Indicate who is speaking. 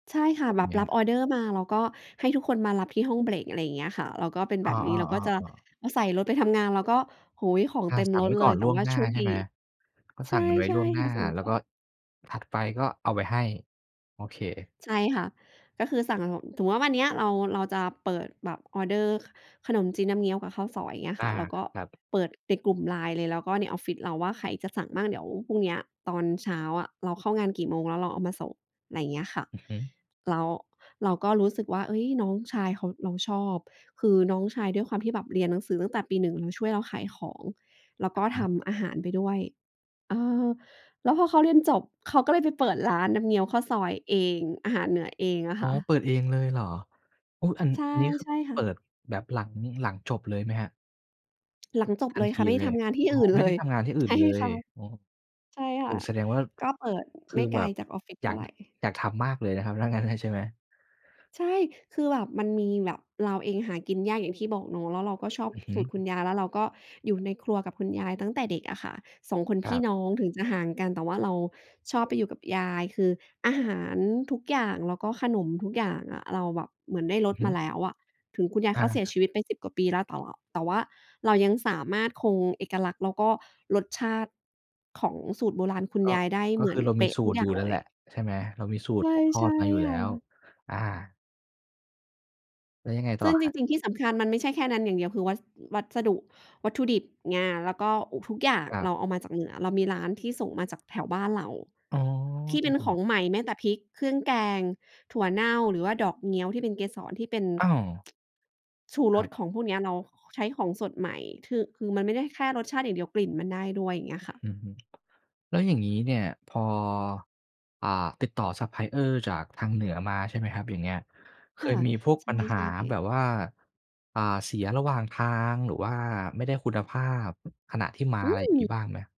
Speaker 1: ใช่ค่ะ
Speaker 2: แบบ
Speaker 1: แบ
Speaker 2: เ
Speaker 1: บ
Speaker 2: นี้
Speaker 1: ร
Speaker 2: ย
Speaker 1: ับออร์เดอร์มา แล้วก็ให้ทุกคนมารับที่ห้องเบรก อะไรอย่างเงี้ยค่ะ แล้วก็เป็น
Speaker 2: อ
Speaker 1: แ
Speaker 2: ้
Speaker 1: บ
Speaker 2: อ
Speaker 1: บนี้ แล้วก็จะ
Speaker 2: ๆ ๆ ๆ
Speaker 1: อะใส่รถไปทำงาน แล้วก็ โอ้โฮ ของ
Speaker 2: อ
Speaker 1: เต
Speaker 2: า
Speaker 1: ็ม
Speaker 2: สั่
Speaker 1: ร
Speaker 2: งไ
Speaker 1: ถ
Speaker 2: ว้
Speaker 1: เล
Speaker 2: ก่อ
Speaker 1: ย
Speaker 2: น
Speaker 1: แต
Speaker 2: ล
Speaker 1: ่
Speaker 2: ่วง
Speaker 1: ว่า
Speaker 2: หน้
Speaker 1: โช
Speaker 2: า
Speaker 1: ค
Speaker 2: ใช
Speaker 1: ด
Speaker 2: ่
Speaker 1: ี
Speaker 2: ไหม? ก็
Speaker 1: ใ
Speaker 2: ส
Speaker 1: ช
Speaker 2: ั่งมันไว้
Speaker 1: ่
Speaker 2: ล่วงห
Speaker 1: ๆ
Speaker 2: น
Speaker 1: แล
Speaker 2: ้า
Speaker 1: ้วสั่ง
Speaker 2: แล
Speaker 1: ก
Speaker 2: ้ว
Speaker 1: ่
Speaker 2: ก
Speaker 1: อ
Speaker 2: ็
Speaker 1: น
Speaker 2: ถัดไปก็เอาไปให้ โอเค
Speaker 1: ใช่ค่ะ ก็คือสั่ง สมมุติว่าวันเนี้ยเรา เราจะเปิดแบบออร์เดอร์ ข ขนมจีนน้ำเงี้ยวกับข้าวซอย อย่างเงี้ย
Speaker 2: อ
Speaker 1: ค
Speaker 2: า
Speaker 1: ่ะ แล้วก็
Speaker 2: ครับ
Speaker 1: เปิดไปกลุ่ม LINE เลย แล้วก็ในออฟฟิศเราว่าใครจะสั่งมั่ง เดี๋ยวพรุ่งเนี้ยตอนเช้าอะ เราเข้างานกี่โมงแล้วเราเอามาส่ง อะไรเงี้ยค่ะ
Speaker 2: อือฮึ
Speaker 1: แล้วเราก็รู้สึกว่า เอ๊ย น้องชายเขา เราชอบ คือน้องชายด้วยความที่แบบเรียนหนังสือตั้งแต่ปี 1 มาช่วยเราขายของแล้ว
Speaker 2: อ
Speaker 1: ก
Speaker 2: ะ
Speaker 1: ็
Speaker 2: ฮ
Speaker 1: ท
Speaker 2: ะ
Speaker 1: ำอาหารไปด้วย เออ แล้วพอเขาเรียนจบ เขาก็เลยไปเปิดร้านน้ำเงี้ยวข้าวซอยเอง อาหารเหนือเองอะ
Speaker 2: อ๋
Speaker 1: ค
Speaker 2: อ
Speaker 1: ่ะ
Speaker 2: เปิดเองเลยเหรอ? อุ๊ย อัน
Speaker 1: ใช่
Speaker 2: อันนี้คือ
Speaker 1: ใช่ค
Speaker 2: เ
Speaker 1: ่
Speaker 2: ปิ
Speaker 1: ะ
Speaker 2: ดแบบหลัง หลังจบเลยไหมครับ?
Speaker 1: หลังจบ
Speaker 2: ทั
Speaker 1: เ
Speaker 2: น
Speaker 1: ลย
Speaker 2: ท
Speaker 1: ค
Speaker 2: ี
Speaker 1: ่ะ ไม่ได
Speaker 2: เล
Speaker 1: ้ท
Speaker 2: ย
Speaker 1: ำงานที่
Speaker 2: อ๋อ
Speaker 1: อื่น
Speaker 2: ไ
Speaker 1: เ
Speaker 2: ม
Speaker 1: ล
Speaker 2: ่ได้
Speaker 1: ย
Speaker 2: ทำงานที่อ
Speaker 1: ใ
Speaker 2: ื่
Speaker 1: ช
Speaker 2: น
Speaker 1: ่
Speaker 2: เล
Speaker 1: ค
Speaker 2: ย
Speaker 1: ่ะ
Speaker 2: อ๋อ
Speaker 1: ใช่ค
Speaker 2: โอ
Speaker 1: ่
Speaker 2: ้
Speaker 1: ะ
Speaker 2: แสดงว่า
Speaker 1: ก็เปิด
Speaker 2: ค
Speaker 1: ไม
Speaker 2: ือ
Speaker 1: ่ไก
Speaker 2: แบ
Speaker 1: ล
Speaker 2: บ
Speaker 1: จากออฟฟิศ
Speaker 2: อ
Speaker 1: เ
Speaker 2: ย
Speaker 1: ท่
Speaker 2: า
Speaker 1: า
Speaker 2: ก
Speaker 1: ไ
Speaker 2: ด
Speaker 1: ร
Speaker 2: อยากทำมากเลยนะครับ ถ้างั้นน่ะ ใช่ไหม?
Speaker 1: ใช่ คือแบบมันมีแบบ เราเองหากินยากอย่างที่บอกเนาะ แล้วเราก็ชอบ
Speaker 2: อือฮึ
Speaker 1: สูตรคุณยาย แล้วเราก็อยู่ในครัวกับคุณยายตั้งแต่เด็กอะค่ะ 2 คนพ
Speaker 2: คร
Speaker 1: ี
Speaker 2: ั
Speaker 1: ่
Speaker 2: บ
Speaker 1: น้อง ถึงจะห่างกัน แต่ว่าเราชอบไปอยู่กับยาย คืออาหารทุกอย่าง แล้วก็ขนมทุกอย่างอะ เราแบบเหมือนได้ร
Speaker 2: อื
Speaker 1: ส
Speaker 2: อฮ
Speaker 1: มา
Speaker 2: ึ
Speaker 1: แล้วอะ ถึงคุณยายเ
Speaker 2: อ
Speaker 1: ข
Speaker 2: า
Speaker 1: าเสียชีวิตไป 10 กว่าปีแล้ว แต่ว่า แต่ว่าเรายังสามารถคงเอกลักษณ์ แล้วก็รสชาติของสูตรโบราณคุณ
Speaker 2: ก็
Speaker 1: ยายได้
Speaker 2: ก
Speaker 1: เ
Speaker 2: ็
Speaker 1: หมื
Speaker 2: ค
Speaker 1: อ
Speaker 2: ื
Speaker 1: น
Speaker 2: อเรา
Speaker 1: เป
Speaker 2: มี
Speaker 1: ๊ะ
Speaker 2: สู
Speaker 1: ทุก
Speaker 2: ตร
Speaker 1: อย่
Speaker 2: อย
Speaker 1: า
Speaker 2: ู
Speaker 1: ง
Speaker 2: ่
Speaker 1: เ
Speaker 2: นั
Speaker 1: ล
Speaker 2: ่น
Speaker 1: ย
Speaker 2: แหละใช่ไหม? เรามีสูตรตกท
Speaker 1: ใช
Speaker 2: อ
Speaker 1: ่
Speaker 2: ดมาอยู่
Speaker 1: ๆ
Speaker 2: แล้ว
Speaker 1: ค่ะ
Speaker 2: อา แล้วยังไงต
Speaker 1: ซ
Speaker 2: ่อ
Speaker 1: ึ่ง
Speaker 2: ค
Speaker 1: จ
Speaker 2: รับ?
Speaker 1: ริง ๆ ที่สำคัญมันไม่ใช่แค่นั้นอย่างเดียว คือวัส วัสดุ วัตถุดิบ งา แล้วก็อุป ทุกอย่าง
Speaker 2: ครั
Speaker 1: เร
Speaker 2: บ
Speaker 1: าเอามาจากเหนือ เรามีร้านที่ส่งมาจากแถวบ้านเรา
Speaker 2: อ๋อ
Speaker 1: ที่เป็นของใหม่ แม้แต่พริก เครื่องแกง ถั่วเน่า หรือว่าดอกเงี้ยวที่เป็นเกสร ที่เป็น
Speaker 2: อ้าว
Speaker 1: ชู
Speaker 2: ค
Speaker 1: ร
Speaker 2: รั
Speaker 1: ส
Speaker 2: บ
Speaker 1: ของพวกนี้ เรา ค ใช้ของสดใหม่ คือ คือมันไม่ได้แค่รสชาติอย่างเดียว กลิ่นมันได้ด้วย อย่างเงี้ยค่ะ
Speaker 2: อือฮึ แล้วอย่างงี้เนี่ย พอ อ่า ติดต่อ ซัปพลายเออร์ จากทางเหนือมาใช่ไหมครับ? อย่างเงี้ย เค
Speaker 1: ค่
Speaker 2: ย
Speaker 1: ะ
Speaker 2: มีพวก
Speaker 1: ใช
Speaker 2: ปัญหา
Speaker 1: ่
Speaker 2: แบ
Speaker 1: ๆ
Speaker 2: บว่า อ่า เสียระหว่างทาง หรือว่าไม่ได้คุณภาพขณะที่มา
Speaker 1: อื
Speaker 2: อะไรอย่าง
Speaker 1: ม
Speaker 2: งี้บ้างไหม?